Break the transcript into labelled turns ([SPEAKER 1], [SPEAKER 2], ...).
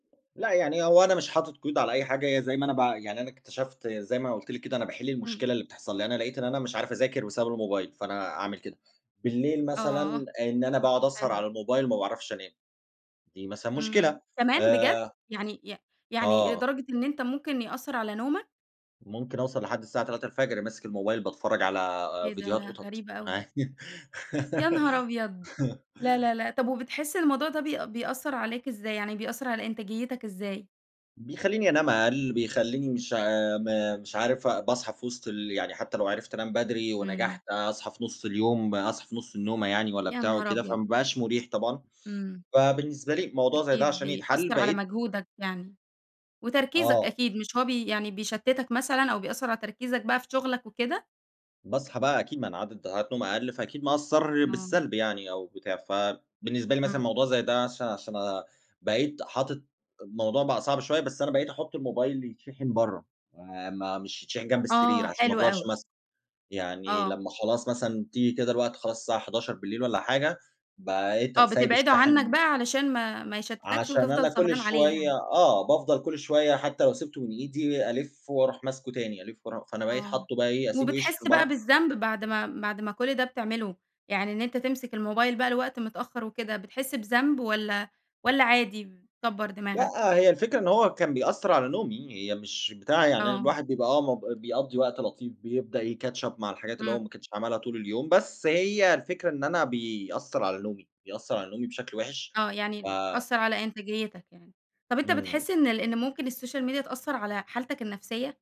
[SPEAKER 1] لأ يعني هو أنا مش حاطط قيود على أي حاجة، هي زي ما أنا بع يعني أنا اكتشفت زي ما أنا قُلت لِك كده أنا باحل
[SPEAKER 2] إمم.
[SPEAKER 1] المشكلة اللي بتحصل لي، لأن أنا لقيت إن أنا مش عارف أذاكر بسبب الموبايل، فأنا أعمل كده. بالليل
[SPEAKER 2] آه،
[SPEAKER 1] مثلًا آآ، إن أنا باقعد أسهر
[SPEAKER 2] حلو أ
[SPEAKER 1] على الموبايل ما باعرفش أنام دي مثلًا مشكلة.
[SPEAKER 2] إمم، كمان، بجد؟
[SPEAKER 1] آآ
[SPEAKER 2] يعني ي يعني
[SPEAKER 1] آه.
[SPEAKER 2] لدرجة إن أنت ممكن يأثّر على نومك؟
[SPEAKER 1] ممكن أوصل لحد الساعة 03:00 الفجر ماسك الموبايل باتفرج على
[SPEAKER 2] إيه ده!
[SPEAKER 1] فيديوهات
[SPEAKER 2] لا،
[SPEAKER 1] قطط
[SPEAKER 2] غريبة أوي.
[SPEAKER 1] عا
[SPEAKER 2] يا نهار أبيض! لا لا لا طب وبتحس الموضوع ده بيأ بيأثّر عليك إزاي؟ يعني بيأثر على إنتاجيِّتك إزاي؟
[SPEAKER 1] بيخَلّيني أنام أقل، بيخَلّيني مش عا م مش عارف أ باصحى في وسط ال يعني حتى لو عرفت أنام بدري،
[SPEAKER 2] إمم.
[SPEAKER 1] ونجحت أصحى في نص اليوم، أصحى في نص النومة يعني والَّا
[SPEAKER 2] يا
[SPEAKER 1] بتاع
[SPEAKER 2] نهار
[SPEAKER 1] وكده،
[SPEAKER 2] أبيض!
[SPEAKER 1] فما بقاش مريح طبعًا.
[SPEAKER 2] إمم.
[SPEAKER 1] فبالنسبة لي، موضوع زي ده
[SPEAKER 2] أكيد
[SPEAKER 1] عشان يتحل
[SPEAKER 2] بيأثّر على
[SPEAKER 1] بقيت
[SPEAKER 2] مجهودك يعني وتركيزك
[SPEAKER 1] آه.
[SPEAKER 2] أكيد، مش هو بي يعني بيشتتك مثلًا أو بيأثّر على تركيزك بقى في شُغلك وكده؟
[SPEAKER 1] باصحى بقى أكيد، ما أنا عدد ساعات نوم أقل، فأكيد مأثّر
[SPEAKER 2] آه.
[SPEAKER 1] بالسلب يعني أو بتاع، فبالنسبة لي
[SPEAKER 2] إمم.
[SPEAKER 1] مثلًا موضوع زي ده عش عشان بقيت حاطط الموضوع بقى صعب شوية، بس أنا بقيت أحُط الموبايل يتشحن برّه م مش يتشحن جنب السرير،
[SPEAKER 2] آه،
[SPEAKER 1] عشان ما
[SPEAKER 2] حلو
[SPEAKER 1] أفضلش
[SPEAKER 2] أوي.
[SPEAKER 1] ماسكه، يعني
[SPEAKER 2] آه.
[SPEAKER 1] لمّا خلاص مثلًا تيجي كده الوقت خلاص الساعة 23:00 والَّا حاجة بقيت
[SPEAKER 2] آه،
[SPEAKER 1] سايب
[SPEAKER 2] بتبعده عنّك
[SPEAKER 1] الشاحن
[SPEAKER 2] بقى علشان ما ما يشتتكش،
[SPEAKER 1] عشان
[SPEAKER 2] وتفضل
[SPEAKER 1] أنا كل
[SPEAKER 2] سهران عليه
[SPEAKER 1] شوية
[SPEAKER 2] يعني.
[SPEAKER 1] آه، بافضل كل شوية حتى لو سِبته من إيدي ألِف وأروح ماسكه تاني، ألِف وأرو فأنا بقيت
[SPEAKER 2] آه،
[SPEAKER 1] حاطّه بقى إيه، أسيبه
[SPEAKER 2] وبتحس
[SPEAKER 1] يشحن
[SPEAKER 2] بقى
[SPEAKER 1] برّه
[SPEAKER 2] بالذنب بعد ما بعد ما كل ده بتعمله، يعني إن أنت تمسك الموبايل بقى لوقت متأخر وكده، بتحس بذنب والَّا والَّا عادي، بتكَبَّر دماغك؟
[SPEAKER 1] لأ هي الفكرة إن هو كان بيأثّر على نومي، هي مش بتاع يعني أنا
[SPEAKER 2] آه.
[SPEAKER 1] الواحد بيبقى آه مب بيقضي وقت لطيف، بيبدأ ي catch up مع الحاجات اللي هو
[SPEAKER 2] إمم.
[SPEAKER 1] ما كانش عملها طول اليوم، بس هي الفكرة إن أنا بيأثّر على نومي، بيأثّر على نومي بشكل وحش
[SPEAKER 2] آه، يعني
[SPEAKER 1] ف
[SPEAKER 2] د أثّر على إنتاجيّتك يعني. طب أنت
[SPEAKER 1] إمم.
[SPEAKER 2] بتحس إن ال إن ممكن السوشيال ميديا تأثّر على حالتك النفسية؟